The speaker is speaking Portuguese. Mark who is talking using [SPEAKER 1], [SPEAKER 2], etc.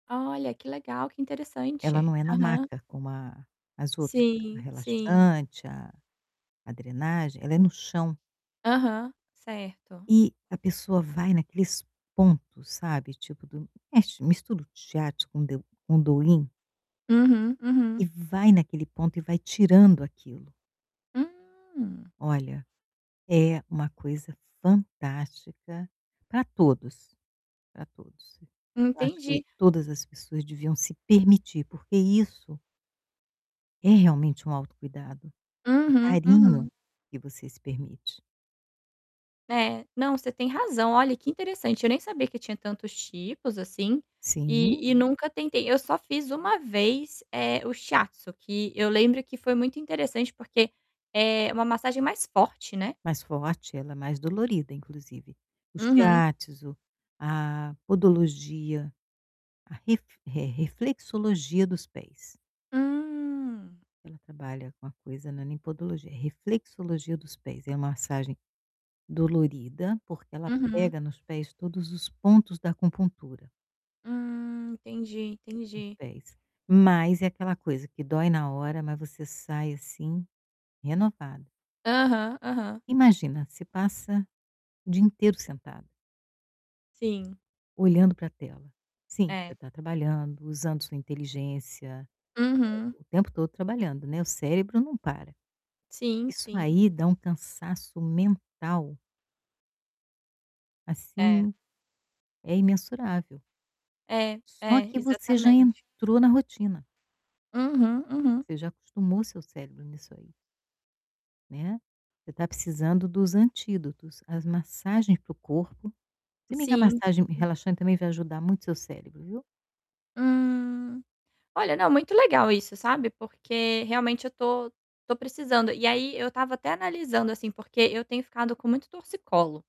[SPEAKER 1] Olha, que legal, que
[SPEAKER 2] Ela não
[SPEAKER 1] interessante.
[SPEAKER 2] é na
[SPEAKER 1] Aham.
[SPEAKER 2] maca como a as outras, ela é
[SPEAKER 1] Sim, sim.
[SPEAKER 2] relaxante, a a drenagem. Ela é no chão.
[SPEAKER 1] Aham, certo.
[SPEAKER 2] E a pessoa vai naqueles pontos, sabe, tipo do mexe, mistura o Shiatsu com o de com o Do-in.
[SPEAKER 1] Uhum,
[SPEAKER 2] E
[SPEAKER 1] uhum.
[SPEAKER 2] vai naquele ponto e vai tirando aquilo.
[SPEAKER 1] Hum.
[SPEAKER 2] Olha, é uma coisa fantástica pra todos, pra todos. Eu acho que
[SPEAKER 1] Entendi.
[SPEAKER 2] todas as pessoas deviam se permitir porque isso é realmente um autocuidado, um
[SPEAKER 1] Uhum,
[SPEAKER 2] carinho
[SPEAKER 1] uhum.
[SPEAKER 2] que você se permite.
[SPEAKER 1] É, não, você tem razão, olha que interessante, eu nem sabia que tinha tantos tipos assim,
[SPEAKER 2] Sim.
[SPEAKER 1] e e nunca tentei. Eu só fiz uma vez, eh, o Shiatsu que eu lembro que foi muito interessante porque, eh, uma massagem mais forte, né.
[SPEAKER 2] Mais forte, ela é mais dolorida, inclusive. O
[SPEAKER 1] Uhum.
[SPEAKER 2] Shiatsu, a podologia, a ref eh, reflexologia dos pés.
[SPEAKER 1] Hum.
[SPEAKER 2] Ela trabalha com a coisa, né, não é nem podologia, reflexologia dos pés, é a massagem dolorida, porque ela
[SPEAKER 1] Uhum.
[SPEAKER 2] pega nos pés todos os pontos da acupuntura.
[SPEAKER 1] Hum, entendi,
[SPEAKER 2] Nos
[SPEAKER 1] entendi.
[SPEAKER 2] pés. Mas é aquela coisa que dói na hora, mas você sai, assim, renovada.
[SPEAKER 1] Aham, aham.
[SPEAKER 2] Imagina, você passa o dia inteiro sentada.
[SPEAKER 1] Sim.
[SPEAKER 2] Olhando pra tela. Sim, você
[SPEAKER 1] É.
[SPEAKER 2] tá trabalhando, usando sua inteligência, eh,
[SPEAKER 1] Uhum.
[SPEAKER 2] o tempo todo trabalhando, né, o cérebro não para.
[SPEAKER 1] Sim,
[SPEAKER 2] Isso
[SPEAKER 1] sim.
[SPEAKER 2] aí dá um cansaço mental.
[SPEAKER 1] É.
[SPEAKER 2] Assim, é imensurável.
[SPEAKER 1] É,
[SPEAKER 2] Só
[SPEAKER 1] é,
[SPEAKER 2] que você já
[SPEAKER 1] exatamente.
[SPEAKER 2] entrou na rotina.
[SPEAKER 1] Uhum, uhum.
[SPEAKER 2] Você já acostumou seu cérebro nisso aí. Né. Você está precisando dos antídotos. As massagens para o corpo se bem que a
[SPEAKER 1] Sim,
[SPEAKER 2] massagem
[SPEAKER 1] sim.
[SPEAKER 2] relaxante também vai ajudar muito o seu cérebro, viu.
[SPEAKER 1] Hum. Olha, não, muito legal isso, sabe, porque realmente eu tô tô precisando. E aí eu estava até analisando assim, porque eu tenho ficado com muito torcicolo.